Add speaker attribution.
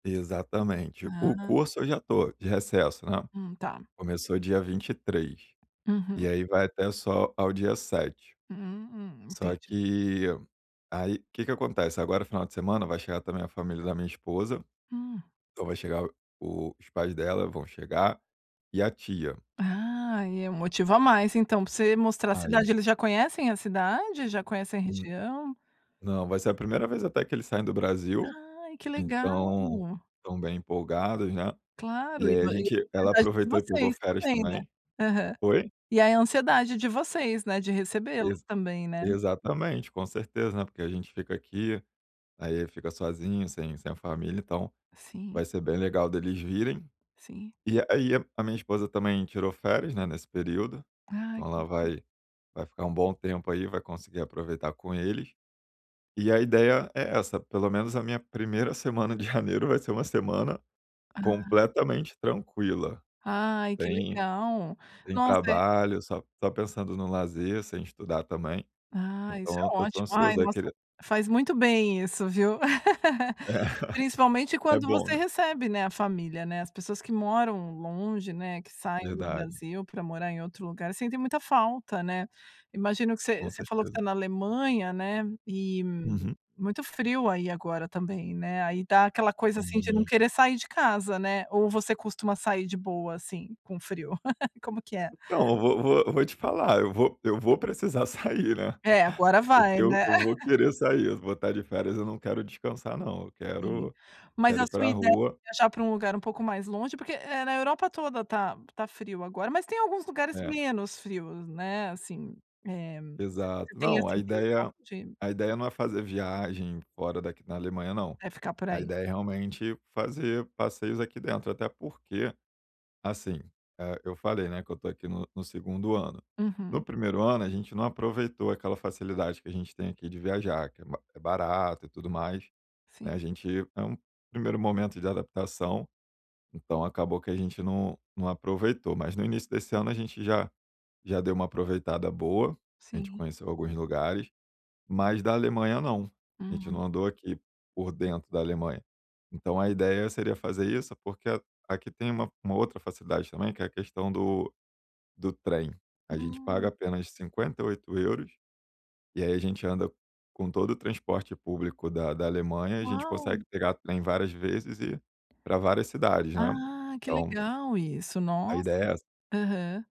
Speaker 1: Exatamente. O
Speaker 2: Ah.
Speaker 1: curso, eu já estou de recesso, né.
Speaker 2: Hum, tá.
Speaker 1: Começou dia 23, e
Speaker 2: Uhum.
Speaker 1: aí vai até só ao dia 7.
Speaker 2: Hum,
Speaker 1: Só
Speaker 2: entendi.
Speaker 1: que aí, que que acontece, agora final de semana, vai chegar também a família da minha esposa.
Speaker 2: Hum.
Speaker 1: Então vai chegar o os pais dela vão chegar, e a tia.
Speaker 2: Ah, e é motivo a mais, então, pra você mostrar a
Speaker 1: Ai.
Speaker 2: cidade. Eles já conhecem a cidade? Já conhecem a
Speaker 1: Hum.
Speaker 2: região?
Speaker 1: Não, vai ser a primeira vez até que eles saem do Brasil,
Speaker 2: Ai, que legal.
Speaker 1: então estão bem empolgados, né. E
Speaker 2: Claro, e
Speaker 1: aí a
Speaker 2: vo
Speaker 1: gente ela
Speaker 2: [unintelligible] de
Speaker 1: aproveitou e pegou
Speaker 2: vocês
Speaker 1: férias
Speaker 2: também, né.
Speaker 1: também.
Speaker 2: Aham.
Speaker 1: Oi?
Speaker 2: E aí a ansiedade de vocês, né, de recebê-los
Speaker 1: Ex
Speaker 2: também, né.
Speaker 1: exatamente. Com certeza, né, porque a gente fica aqui, aí fica sozinho, sem sem família, então
Speaker 2: Sim.
Speaker 1: vai ser bem legal deles virem.
Speaker 2: Sim.
Speaker 1: E aí a minha esposa também tirou férias, né, nesse período,
Speaker 2: Ai
Speaker 1: então ela vai vai ficar um bom tempo aí, vai conseguir aproveitar com eles. E a ideia é essa, pelo menos a minha 1ª semana de janeiro vai ser uma semana
Speaker 2: Ah.
Speaker 1: completamente tranquila.
Speaker 2: Ai, que
Speaker 1: Tem
Speaker 2: legal.
Speaker 1: tem
Speaker 2: Nossa, é
Speaker 1: trabalho, só p só pensando no lazer, sem estudar também.
Speaker 2: Ah, isso é
Speaker 1: Então, eu estou
Speaker 2: ótimo. Ai,
Speaker 1: ansioso a
Speaker 2: nossa,
Speaker 1: querer
Speaker 2: faz muito bem isso, viu.
Speaker 1: É.
Speaker 2: Principalmente
Speaker 1: É
Speaker 2: quando
Speaker 1: bom,
Speaker 2: você
Speaker 1: né.
Speaker 2: recebe, né, a família, né. As pessoas que moram longe, né, que saem
Speaker 1: Verdade.
Speaker 2: Brasil pra morar em outro lugar, sentem muita falta, né. Imagino que você
Speaker 1: Com
Speaker 2: você falou que
Speaker 1: certeza.
Speaker 2: está na Alemanha, né, e,
Speaker 1: Uhum.
Speaker 2: muito frio aí agora também, né, aí dá aquela coisa, assim, de não
Speaker 1: Hum.
Speaker 2: querer sair de casa, né, ou você costuma sair de boa, assim, com frio? Como que é?
Speaker 1: Então, eu vou vou vou te falar, eu vou eu vou precisar sair, né,
Speaker 2: É agora vai,
Speaker 1: porque eu
Speaker 2: né.
Speaker 1: eu vou querer sair. Vou tá de férias, eu não quero descansar não, eu
Speaker 2: Sim.
Speaker 1: quero
Speaker 2: Mas
Speaker 1: quero
Speaker 2: a
Speaker 1: ir
Speaker 2: sua
Speaker 1: pra
Speaker 2: ideia
Speaker 1: rua.
Speaker 2: viajar pra um lugar um pouco mais longe, porque, eh, na Europa toda tá tá frio agora, mas tem alguns lugares
Speaker 1: É.
Speaker 2: menos frios, né, assim, eh, você
Speaker 1: Exato.
Speaker 2: tem
Speaker 1: Não,
Speaker 2: essa
Speaker 1: a
Speaker 2: intenção
Speaker 1: ideia
Speaker 2: de
Speaker 1: a ideia não é fazer viagem fora daqui na Alemanha não,
Speaker 2: É ficar por
Speaker 1: a
Speaker 2: aí.
Speaker 1: ideia é realmente fazer passeios aqui dentro, até porque, assim, eh, eu falei, né, que eu estou aqui no no 2º ano. No
Speaker 2: Uhum.
Speaker 1: 1º ano, a gente não aproveitou aquela facilidade que a gente tem aqui de viajar, que é b é barato, e tudo mais, né, a
Speaker 2: Sim.
Speaker 1: gente é um primeiro momento de adaptação, então acabou que a gente não não aproveitou, mas no início desse ano a gente já já deu um aproveitada boa, a gente
Speaker 2: Sim.
Speaker 1: conheceu alguns lugares, mas da Alemanha não, a gente
Speaker 2: Uhum.
Speaker 1: não andou aqui por dentro da Alemanha. Então a ideia seria fazer isso, porque a aqui tem uma uma outra facilidade também, que é a questão do do trem. A gente paga
Speaker 2: Hum.
Speaker 1: apenas 58 €, e aí a gente anda com todo o transporte público da da Alemanha, a gente
Speaker 2: Uau.
Speaker 1: consegue pegar trem várias vezes e pra várias cidades, né,
Speaker 2: Ah, que
Speaker 1: então
Speaker 2: legal isso,
Speaker 1: a
Speaker 2: nossa.
Speaker 1: ideia é essa.
Speaker 2: Aham.